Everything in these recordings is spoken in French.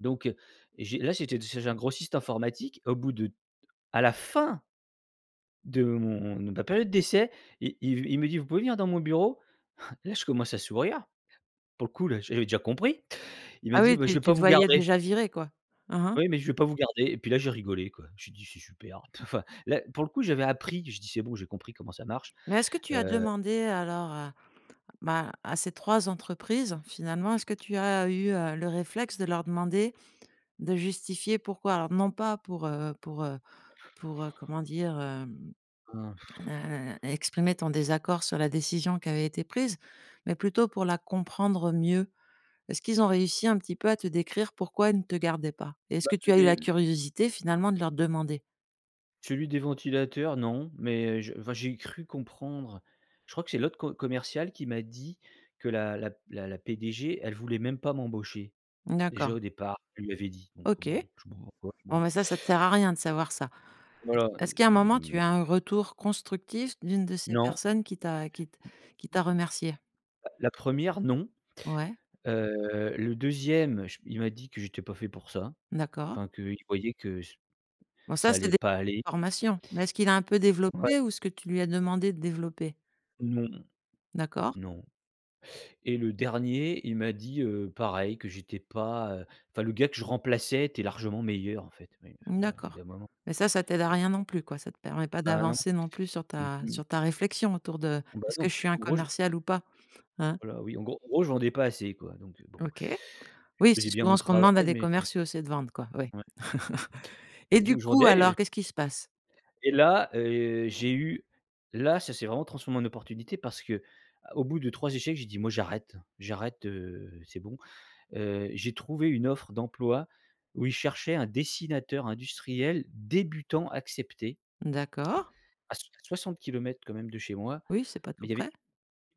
Donc heu, et j'ai là, j'étais d chez un grossiste informatique. Au bout de d à la fin de mon de ma période d'essai, il il v il me dit: «Vous pouvez venir dans mon bureau?» Là, je commence à sourire. Pour le coup, là j'avais déjà compris. Il m'a Ah dit: oui, «Bah, je tu vais pas tu te vous voyais garder» déjà viré quoi? Hein, hein. «oui, mais je vais pas vous garder» et puis là, j'ai rigolé quoi. J'ai dit: «C'est super», p te enfin, là, pour le coup, j'avais appris. J'ai dis: «C'est bon, j'ai compris comment ça marche», Mais est-ce que tu as heu demandé alors à bah, à ces 3 entreprises finalement, est-ce que tu as eu, heu, le réflexe de leur demander, de justifier pourquoi? Alors, non pas pour, heu pour, heu pour, heu, comment dire? Hem, Ah heu, exprimer ton désaccord sur la décision qui avait été prise, mais plutôt pour la comprendre mieux. Est-ce qu'ils ont réussi un petit peu à te décrire pourquoi ils ne te gardaient pas? Est-ce Bah, que tu as eu les la l curiosité finalement de leur demander? Celui des ventilateurs non, mais j enfin, j'ai cru comprendre. Je crois que c'est l'autre co commercial qui m'a dit que la la p la la PDG, elle voulait même pas m'embaucher. Mmh Déjà d'accord. au départ, elle lui avait dit, donc OK. bon, je sais pas pourquoi, Bon, bon bah ça, ça te sert à rien de savoir ça. Est Voilà. Heu, est-ce qu'à un m moment, tu as mais un retour constructif d'une de ces Non. personnes qui t'a qui t qui t'as remercié? L la 1re non. Ouais. Heu, le 2e, j il m'a dit que j'étais pas fait pour ça. D'accord. Enfin qu'il voyait que c Bon ça ça c'est allait des pas aller. formations, mais est-ce qu'il a un peu Ouais. développé ou est-ce que tu lui as demandé de développer? Non. D'accord. Non, et le dernier, il m'a dit, heu, pareil, que j'étais pas, heu, enfin le gars que je remplaçais était largement meilleur en fait. Oui, enfin, Mmh bon, au bout d'accord, d'un moment. mais ça, ça t'aide à Heu rien non plus, quoi. Ça te permet pas Bah, non d'avancer non plus sur et ta tu sur ta réflexion autour de: Bah «Est-ce non, que je parce suis un qu'en gros je commercial ou pas?» Hein? voilà, oui en gros en gros je vendais pas assez quoi, donc heu, bon OK. Oui, je c'est faisais bien mon souvent ce qu'on travail demande à des mais commerciaux, c'est de vendre quoi, oui, Ouais. et Et du bon je coup, vendais alors, et qu'est-ce qui se passe? Et là, heu, j'ai eu, là ça s'est vraiment transformé en opportunité parce que, a au bout de 3 échecs, j'ai dit: «Moi j'arrête, j'arrête, heu, c'est bon», heu, j'ai trouvé une offre d'emploi où ils cherchaient un dessinateur industriel, débutant accepté. D'accord. À soi 60 quand même de chez moi, Oui, c'est pas mais tout il y avait près.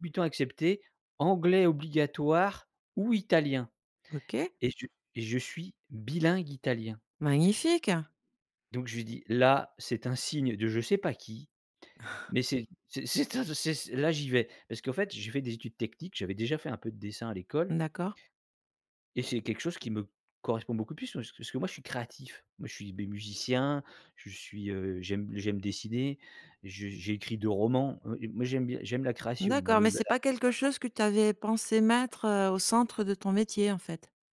débutant accepté, anglais obligatoire ou italien, OK. et je et je suis bilingue italien Magnifique! donc je lui dis: «Là, c'est un signe de je sais pas qui, mais c'est c'est c'est un de ces ces là j'y vais» parce qu'en fait j'ai fait des études techniques. J'avais déjà fait un peu de dessin à Mmh, l'école d'accord. et c'est quelque chose qui me correspond beaucoup plus pass parce que moi je suis créatif. Moi je suis beh, musicien, je suis, heu, j'aime j'aime dessiner, je j'ai écrit 2 romans. Heu, et moi j'aime bien j'aime la création. Moi D'accord, le mais le la. c'est pas quelque [unintelligible] chose que tu avais pensé mettre, heu, au centre de ton métier, en fait?